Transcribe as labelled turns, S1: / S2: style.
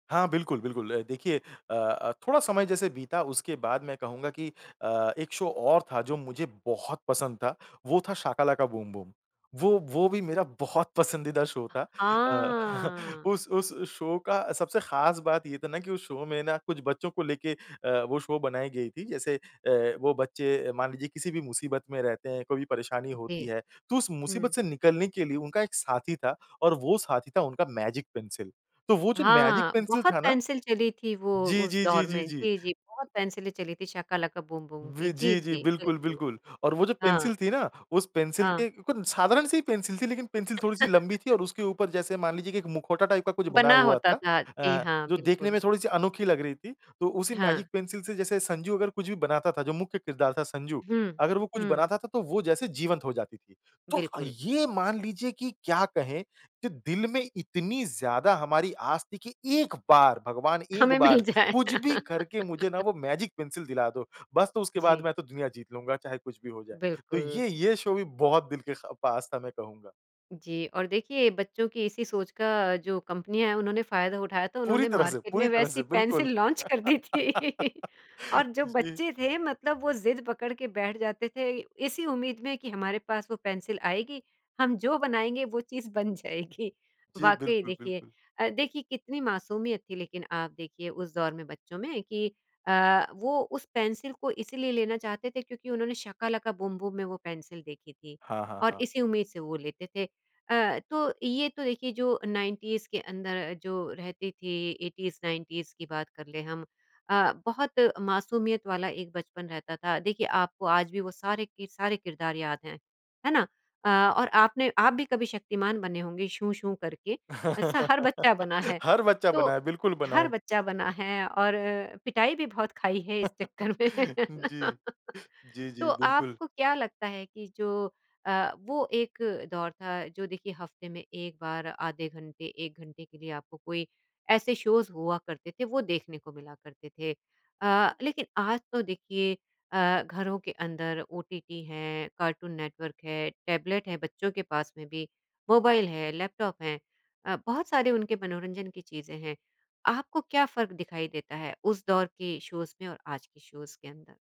S1: हाँ, बिल्कुल, बिल्कुल अ, देखिए अ अ, थोड़ा समय जैसे बीता उसके बाद मैं कहूँगा कि अ, एक शो और था जो मुझे बहुत पसंद था, वो था शाका लाका बूम बूम। वो, वो भी मेरा बहुत पसंदीदा शो था अ,
S2: आ
S1: उस उस शो का सबसे ख़ास बात ये था ना कि उस शो में ना कुछ बच्चों को लेके अ, वो शो बनाई गई थी जैसे अ, वो बच्चे मान लीजिए किसी भी मुसीबत में रहते हैं, कोई भी परेशानी
S2: जी।
S1: होती है, तो उस मुसीबत
S2: हुँ।
S1: से निकलने के लिए उनका एक साथी था और वो साथी था उनका मैजिक पेंसिल। तो वो जो मैजिक
S2: हाँ।
S1: पेंसिल
S2: बहुत
S1: था ना
S2: पेंसिल चली थी, वो
S1: जी,
S2: उस
S1: जी, जी,
S2: दौर में
S1: जी, जी।
S2: जी, जी बहुत पेंसिलें चली थी। शाका लाका बूम बूम की।
S1: वि
S2: जी,
S1: जी, जी।
S2: जी,
S1: बिल्कुल,
S2: बिल्कुल।
S1: बिल्कुल और वो जो
S2: हाँ।
S1: पेंसिल थी ना, उस पेंसिल
S2: हाँ।
S1: के साधारण से ही पेंसिल थी। लेकिन पेंसिल थोड़ी-सी लंबी थी और उसके ऊपर जैसे मान लीजिए एक मुखौटा टाइप का कुछ बना
S2: बना
S1: हुआ
S2: होता
S1: था
S2: था। जी
S1: अ,
S2: हाँ,
S1: जो देखने
S2: बिल्कुल।
S1: में थोड़ी-सी अनोखी लग रही थी। तो उसी मैजिक
S2: हाँ।
S1: पेंसिल से जैसे संजू अगर कुछ भी बनाता था, जो मुख्य किरदार था संजू
S2: हुँ,
S1: अगर वो कुछ
S2: हुँ।
S1: बनाता था तो वो जैसे जीवंत हो जाती थी। तो अ,
S2: बिल्कुल।
S1: ये मान लीजिए कि क्या कहें कि दिल में इतनी ज़्यादा हमारी आस थी कि एक बार भगवान, एक
S2: हमें मिल
S1: बार
S2: जाए।
S1: कुछ भी करके मुझे ना वो मैजिक पेंसिल दिला दो, बस तो उसके बाद मैं
S2: जी।
S1: तो दुनिया जीत लूँगा चाहे कुछ भी हो जाए। तो
S2: बिल्कुल।
S1: ये, ये शो भी बहुत दिल के खा पास था मैं कहूँगा।
S2: जी और देखिए बच्चों की इसी सोच का जो कंपनियाँ है, उन्होंने फ़ायदा उठाया था,
S1: पूरी
S2: उन्होंने
S1: तरह से
S2: मार्केट
S1: पूरी
S2: में
S1: तरह
S2: वैसी
S1: से, बिल्कुल।
S2: पेंसिल लॉन्च कर दी थी। और जो
S1: जी।
S2: बच्चे थे मतलब वो ज़िद पकड़ के बैठ जाते थे, इसी उम्मीद में कि हमारे पास वो पेंसिल आएगी, हम जो बनाएँगे वो चीज़ बन जाएगी।
S1: जी,
S2: वाक़ई
S1: बिल्कुल,
S2: देखिए
S1: बिल्कुल।
S2: अ, देखिए कितनी मासूमियत थी लेकिन आप देखिए उस दौर में बच्चों में कि अ, वो उस पेंसिल को इसलिए लेना चाहते थे क्योंकि उन्होंने शाका लाका बूम बूम में वो पेंसिल देखी थी
S1: हाँ, हाँ,
S2: और
S1: हाँ।
S2: इसी उम्मीद से वो लेते थे। अ, तो ये तो देखिए जो 90s के अंदर जो रहती थी, 80s-90s की बात कर लें हम अ, बहुत मासूमियत वाला एक बचपन रहता था। देखिए आपको आज भी वो सारे के सारे किरदार याद हैं। है ना? अ, और आपने आप भी कभी शक्तिमान बने होंगे, शू-शू करके ऐसा हर बच्चा बना है,
S1: हर बच्चा
S2: तो
S1: बनाए, बिल्कुल
S2: हर
S1: बनाए।
S2: बच्चा बना है और पिटाई भी बहुत खाई है इस चक्कर में,
S1: जी। जी,
S2: तो
S1: जी, बिल्कुल।
S2: आपको क्या लगता है कि जो अ, वो एक दौर था, जो देखिए हफ़्ते में 1 बार, आधे घंटे, 1 घंटे के लिए। आपको कोई ऐसे शोज़ हुआ करते थे वो देखने को मिला करते थे। अ, लेकिन आज तो देखिए अ, घरों के अंदर ओटीटी है, कार्टून नेटवर्क है, टैबलेट है, बच्चों के पास में भी मोबाइल है, लैपटॉप है अ, बहुत सारे उनके मनोरंजन की चीज़ें हैं। आपको क्या फ़र्क दिखाई देता है, उस दौर के शोज़ में और आज के शोज़ के अंदर?